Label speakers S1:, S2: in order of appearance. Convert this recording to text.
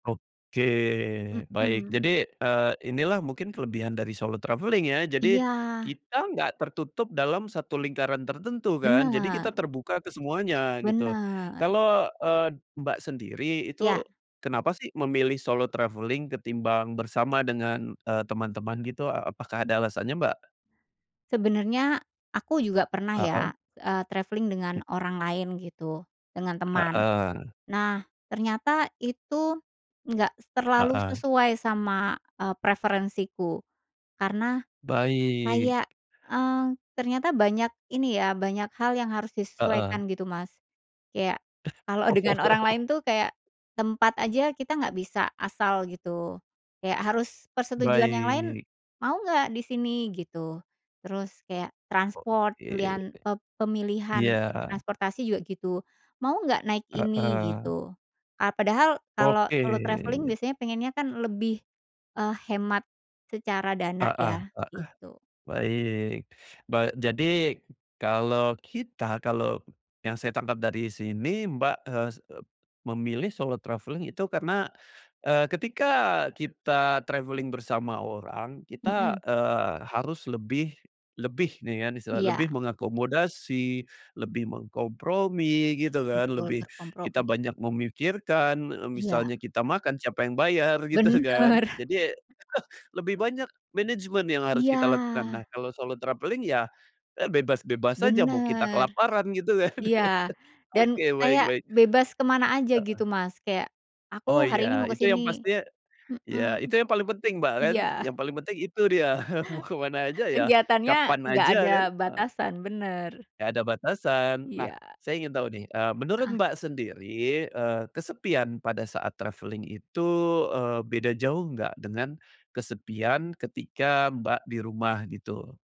S1: Oke, baik
S2: Mhm.
S1: jadi, eee, ini lah mungkin kelebihan dari solo traveling ya, jadi
S2: Iya.
S1: kita nggak tertutup dalam satu lingkaran tertentu kan, jadi kita
S2: Benar.
S1: terbuka ke semuanya, gitu.
S2: Benar.
S1: Kalau, eee, Mbak sendiri itu
S2: Iya.
S1: kenapa sih memilih solo travelling ketimbang bersama dengan, eee, teman-teman gitu? A apakah ada alasannya, Mbak?
S2: Sebenernya aku juga pernah
S1: Heeh.
S2: ya, eee, traveling dengan
S1: Hmm.
S2: orang lain gitu dengan teman.
S1: Heeh.
S2: Nah ternyata itu nggak terlalu
S1: Heeh.
S2: sesuai sama, eee, preferensiku, karena
S1: Baik.
S2: kayak, eee, ternyata banyak ini ya, banyak hal yang harus
S1: Heeh.
S2: disesuaikan gitu, Mas. Kayak
S1: Eh.
S2: kalau dengan orang
S1: Oh.
S2: lain tuh kayak tempat aja kita nggak bisa asal gitu, kayak harus persetujuan yang lain,
S1: Baik.
S2: "Mau nggak disini?" gitu, terus kayak transport
S1: Oke.
S2: pilihan e
S1: Iya.
S2: pemilihan transportasi juga gitu, "Mau nggak naik ini?"
S1: Heeh.
S2: Gitu, eee, padahal kalau
S1: Oke.
S2: solo travelling biasanya pengennya kan lebih, eee, hemat secara dana
S1: Heeh
S2: ya,
S1: heeh,
S2: gitu.
S1: baik ba jadi kalau kita kalau yang saya tangkap dari sini Mbak, eee, s ep memilih solo traveling itu karena, eee, ketika kita traveling bersama orang kita,
S2: Mhm.
S1: eee, harus lebih lebih nih ya misalnya,
S2: Iya.
S1: lebih mengakomodasi, lebih mengkompromi gitu kan,
S2: Betul,
S1: lebih kita
S2: berkompromi.
S1: banyak memikirkan, eee,
S2: Iya.
S1: misalnya kita makan siapa yang bayar? Gitu kan,
S2: Bener.
S1: jadi lebih banyak manajemen yang harus kita
S2: Iya.
S1: lakukan. Nah, kalau solo travelling ya, eee, bebas-bebas aja mau kita
S2: Bener.
S1: kelaparan gitu kan.
S2: Iya, dan
S1: Oke, baik
S2: kayak
S1: baik.
S2: bebas ke mana aja
S1: Heeh.
S2: gitu Mas, kayak aku
S1: Oh
S2: hari
S1: iya,
S2: ini mau ke
S1: itu
S2: sini,
S1: yang pastinya iya,
S2: mhm,
S1: itu yang paling penting Mbak kan,
S2: iya.
S1: yang paling penting itu dia mau kemana aja ya,
S2: Kegiatannya
S1: kapan
S2: enggak
S1: aja
S2: ada
S1: kan e
S2: batasan, bener.
S1: nggak ada batasan. Nah
S2: Iya.
S1: saya ingin tahu nih, eee, menurut
S2: Heeh.
S1: Mbak sendiri, eee, kesepian pada saat travelling itu, eee, beda jauh nggak dengan kesepian ketika Mbak di rumah, gitu?